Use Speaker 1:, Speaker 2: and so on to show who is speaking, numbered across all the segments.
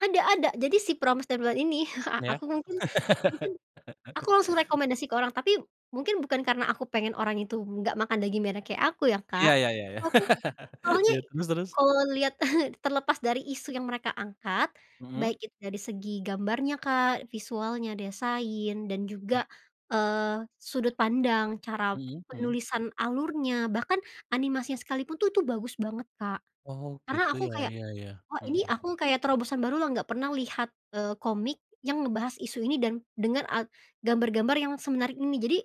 Speaker 1: Ada ada. Jadi si Promise Neverland ini, a
Speaker 2: Iya.
Speaker 1: aku mungkin mungkin aku langsung rekomendasi ke orang, tapi mungkin, bukan karena aku pengen orang itu, nggak makan daging merah kek, aku, ya,
Speaker 2: Iya,
Speaker 1: Kak.
Speaker 2: ya ya ya,
Speaker 1: Aku, awalnya
Speaker 2: iya, terus-terus?
Speaker 1: kalau liat, terlepas dari isu yang mereka angkat,
Speaker 2: Mmm.
Speaker 1: baik itu dari segi gambarnya, Kak, visualnya, desain, dan
Speaker 2: Ya.
Speaker 1: juga, eee, sudut pandang, cara
Speaker 2: Mmm, mhm.
Speaker 1: penulisan alurnya, bahkan animasinya sekalipun tuh tuh bagus banget, Kak.
Speaker 2: Oh,
Speaker 1: Karena
Speaker 2: gitu
Speaker 1: aku,
Speaker 2: ya
Speaker 1: kayak,
Speaker 2: ya ya,
Speaker 1: "Oh,
Speaker 2: mhm
Speaker 1: ini
Speaker 2: mhm.
Speaker 1: aku, kayak, terobosan baru loh, nggak pernah lihat, eee, komik yang ngebahas isu ini, dan dengan at gambar-gambar yang semenarik ini." Jadi,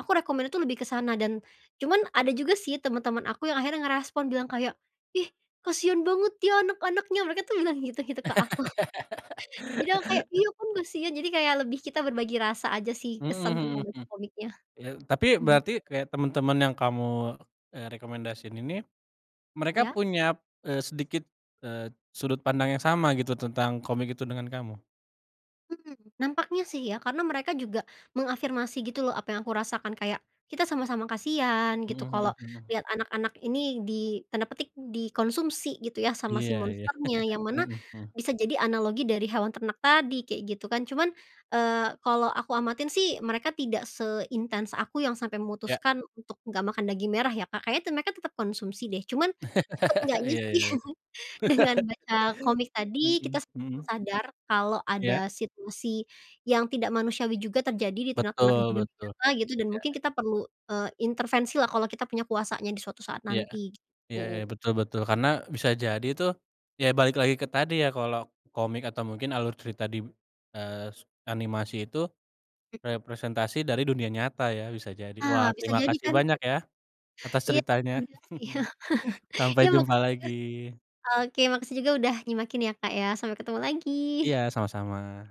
Speaker 1: aku recommend-nya itu, lebih ke sana, dan cuman, ada juga sih, teman-teman aku, yang akhirnya ngerespon bilang kayak, "Ih, kasihan banget ya, anak-anaknya," mereka tuh bilang gitu gitu ke, aku. Jadi aku, kayak, "Iya pun, kasihan," jadi kayak lebih kita berbagi rasa aja, sih,
Speaker 2: Mmm,
Speaker 1: kesan
Speaker 2: mhm,
Speaker 1: tentang baca
Speaker 2: hmm.
Speaker 1: komiknya.
Speaker 2: Iya, tapi,
Speaker 1: Mhm.
Speaker 2: berarti kayak, teman-teman yang kamu, eee, rekomendasiin ini, mereka
Speaker 1: Iya.
Speaker 2: punya, eee, sedikit, eee, sudut pandang yang sama gitu, tentang komik itu dengan kamu?
Speaker 1: Mmm, nampaknya sih, ya, karena mereka juga mengafirmasi gitu loh, apa yang aku rasakan, kayak kita sama-sama kasihan
Speaker 2: Mhm
Speaker 1: gitu,
Speaker 2: mhm
Speaker 1: kalau
Speaker 2: mhm.
Speaker 1: lihat anak-anak ini di tanda petik, dikonsumsi gitu, ya, sama si
Speaker 2: Iya, ya,
Speaker 1: monsternya. Yang mana,
Speaker 2: Heeh heeh.
Speaker 1: bisa jadi analogi dari hewan ternak tadi, kek gitu, kan. Cuman, eee, kalau aku amatin sih, mereka tidak seintens aku, yang sampai
Speaker 2: Ya.
Speaker 1: memutuskan untuk nggak makan daging merah ya, Kak. Kayaknya tuh, mereka tetap konsumsi deh, cuman seenggaknya
Speaker 2: Iya
Speaker 1: sih,
Speaker 2: iya iya
Speaker 1: dengan baca komik tadi,
Speaker 2: mmm,
Speaker 1: kita
Speaker 2: heeh.
Speaker 1: sadar kalau
Speaker 2: Iya.
Speaker 1: ada situasi yang tidak manusiawi juga, terjadi di ternak-ternak,
Speaker 2: Betul
Speaker 1: di
Speaker 2: betul,
Speaker 1: dunia gitu, dan
Speaker 2: iya.
Speaker 1: mungkin kita perlu, eee, intervensilah, kalau kita punya kuasanya, di suatu saat
Speaker 2: Iya.
Speaker 1: nanti,
Speaker 2: Iya, ya,
Speaker 1: gitu.
Speaker 2: betul betul. Karena bisa jadi tuh, ya, balik lagi ke tadi ya, kalau komik atau mungkin alur cerita dib eee, sup animasi itu
Speaker 1: Mmm.
Speaker 2: representasi dari dunia nyata ya, bisa jadi. Wah,
Speaker 1: Ah, bisa
Speaker 2: terima
Speaker 1: jadi
Speaker 2: kasih
Speaker 1: kan,
Speaker 2: banyak
Speaker 1: tuh.
Speaker 2: ya, atas
Speaker 1: Iya,
Speaker 2: ceritanya.
Speaker 1: sih iya sih,
Speaker 2: Sampai
Speaker 1: ya,
Speaker 2: jumpa
Speaker 1: makasih juga
Speaker 2: lagi.
Speaker 1: oke, makasih juga udah nyimakin ya, Kak, ya, sampai ketemu lagi.
Speaker 2: Iya, sama-sama.